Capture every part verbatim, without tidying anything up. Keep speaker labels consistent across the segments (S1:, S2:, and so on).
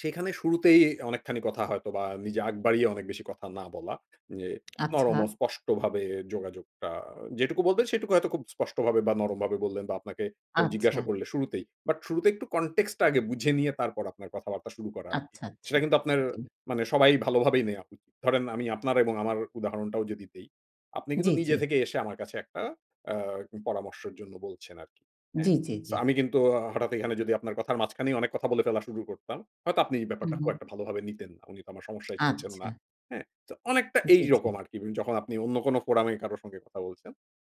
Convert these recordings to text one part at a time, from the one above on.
S1: সেখানে শুরুতেই অনেকখানি কথা হয়তোবা নিজে আগ বাড়িয়ে অনেক বেশি কথা না বলা যে, নরম
S2: আচ্ছা।
S1: ও স্পষ্টভাবে যোগাযোগটা যেটুকু বলবেন সেটুকু হয়তো খুব স্পষ্টভাবে বা, নরমভাবে বললেন বা, আপনাকে কেউ জিজ্ঞাসা
S2: আচ্ছা।
S1: করলে শুরুতেই। বাট শুরুতেই একটু context টা আগে বুঝে নিয়ে তারপর আপনার কথাবার্তা শুরু করা আরকি।
S2: আচ্ছা, আচ্ছা।
S1: সেটা কিন্তু আপনার
S2: জি।
S1: মানে সবাই ভালোভাবেই নেয়া উ ধরেন আমি আমি আপনার এবং আমার উদাহরণটাও যদি দেই, আপনি কিন্তু
S2: জি, জি।
S1: নিজে থেকে এসে আমার কাছে একটা আ উ পরামর্শের জন্য বলছেন আরকি। হ্যাঁ।
S2: জি, জি,
S1: সো
S2: জি।
S1: আমি কিন্তু হঠাৎ এখানে যদি আপনার কথার মাঝখানেই অনেক কথা বলে ফেলা শুরু করতাম, হয়তো আপনি এই
S2: হুম,
S1: ব্যাপারটা খুব
S2: হুম।
S1: একটা ভালোভাবে নিতেন না। "উনি তো আমার সমস্যায় শুনছেন না।"
S2: আচ্ছা।
S1: হ্যাঁ? সো অনেকটা
S2: জি, জি।
S1: এইরকম আরকি যখন আপনি অন্য কোন forum এ কারো সঙ্গে কথা বলছেন।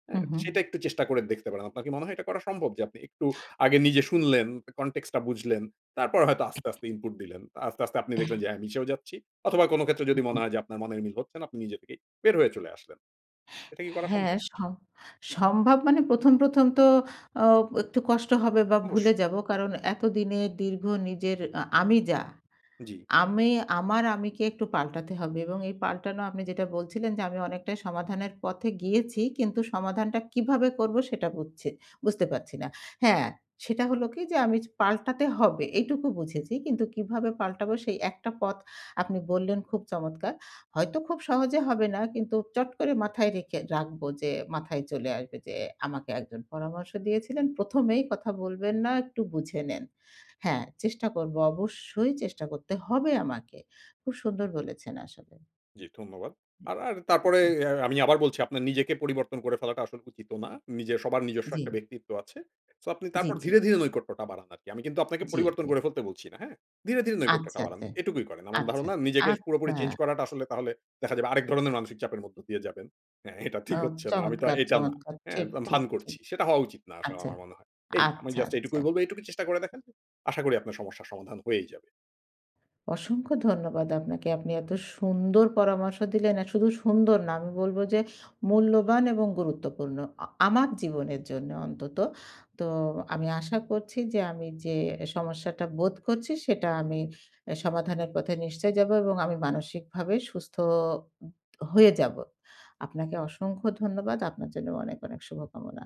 S1: হ্যাঁ?
S2: হুম, হুম।
S1: সেটা একটু চেষ্টা করে দেখতে পারেন। আপনার কি মনে হয় এটা করা সম্ভব যে আপনি একটু আগে নিজে শুনলেন, কা context টা বুঝলেন। তারপর হয়তো আস্তে, আস্তে input দিলেন। আস্তে, আস্তে আপনি
S2: এহ
S1: দেখলেন যে, "হ্যাঁ, মিশেও যাচ্ছি।" অথবা কোন ক্ষেত্রে
S2: উ,
S1: যদি মনে
S2: হু।
S1: হয় যে আপনার মনের মিল হচ্ছেন আপনি নিজে থেকেই বের হয়ে চলে আসলেন। এটা কি করা
S2: হ্যাঁ,
S1: সম্ভব?
S2: স সম্ভব মানে প্রথম, প্রথম তো আ একটু কষ্ট হবে বা,
S1: অবশ্যই।
S2: ভুলে যাব। কারণ এতদিনে দীর্ঘ নিজের আ আমি যা,
S1: জি।
S2: আমি আমার আমিকে একটু পাল্টাতে হবে এবং এই পাল্টানো আপনি যেটা বলছিলেন যে আমি অনেকটাই সমাধানের পথে গিয়েছি। কিন্তু সমাধানটা কীভাবে করবো সেটা বুঝছি বুঝতে পারছি না। হ্যাঁ? সেটা হল কি? যে আমি চ পাল্টাতে হবে এইটুকু বুঝেছি। কিন্তু কীভাবে পাল্টাবো সেই একটা পথ আপনি বললেন খুব চমৎকার। হয়তো খুব সহজে হবে না। কিন্তু চট করে মাথায় রেখে রাখবো যে মাথায় চলে আসবে যে আমাকে একজন পরামর্শ দিয়েছিলেন। "প্রথম এই কথা বলবেন না, একটু বুঝে নেন।" হ্যাঁ চেষ্টা করবো। অবশ্যই চেষ্টা করতে হবে আমাকে। খুব সুন্দর বলেছেন আসলে।
S1: জি, ধন্যবাদ।
S2: উ
S1: আর আর তারপরে
S2: এ জি।
S1: আ আমি আবার বলছি আপনার নিজেকে পরিবর্তন করে ফেলাটা আসলে উচিতও না। নিজের সবার নিজস্ব একটা
S2: জি।
S1: ব্যক্তিত্ব আছে। সো আপনি
S2: জি,
S1: তারপর
S2: জি।
S1: ধীরে, ধীরে নৈকট্যটা বাড়ান আরকি। আমি কিন্তু আপনাকে
S2: জি,
S1: পরিবর্তন
S2: জি।
S1: করে ফেলতে বলছি না। হ্যাঁ। ধীরে, ধীরে নৈকট্যটা
S2: আচ্ছা,
S1: বাড়ান।
S2: আচ্ছা,
S1: এটুকুই করেন। আমার
S2: আচ্ছা,
S1: ধারণা
S2: আচ্ছা,
S1: নিজেকে সে পুরোপুরি
S2: আচ্ছা।
S1: চেঞ্জ করাটা আসলে তাহলে দেখা যাবে আরেক ধরনের মানসিক চাপের মধ্যে দিয়ে যাবেন। "হ্যাঁ, এটা ঠিক
S2: আম
S1: হচ্ছে না। আমি তো
S2: চমৎকার,
S1: এটা না।"
S2: চমৎকার।
S1: হ্যাঁ,
S2: ঠিক,
S1: ভা
S2: ঠিক,
S1: ভান
S2: ঠিক।
S1: করছি। সেটা হওয়া উচিত না আসলে
S2: আচ্ছা,
S1: আমার মনে হয়। এই। আমি
S2: আচ্ছা,
S1: জাস্ট
S2: আচ্ছা।
S1: এইটুকুই বলবো এইটুকু চেষ্টা করে দেখেন। আশা করি আপনার সমস্যার সমাধান হয়েই যাবে।
S2: অসংখ্য ধন্যবাদ আপনাকে। আপনি এত সুন্দর পরামর্শ দিলেন। আর শুধু সুন্দর না, আমি বলবো যে মূল্যবান এবং গুরুত্বপূর্ণ। আ আমার জীবনের জন্য অন্তত। তো আমি আশা করছি যে আমি যে সমস্যাটা বোধ করছি সেটা আমি এ সমাধানের পথে নিশ্চয়ই যাবো এবং আমি মানসিকভাবে সুস্থ উম হয়ে যাবো। আপনাকে অসংখ্য ধন্যবাদ। আপনার জন্য অনেক, অনেক শুভকামনা।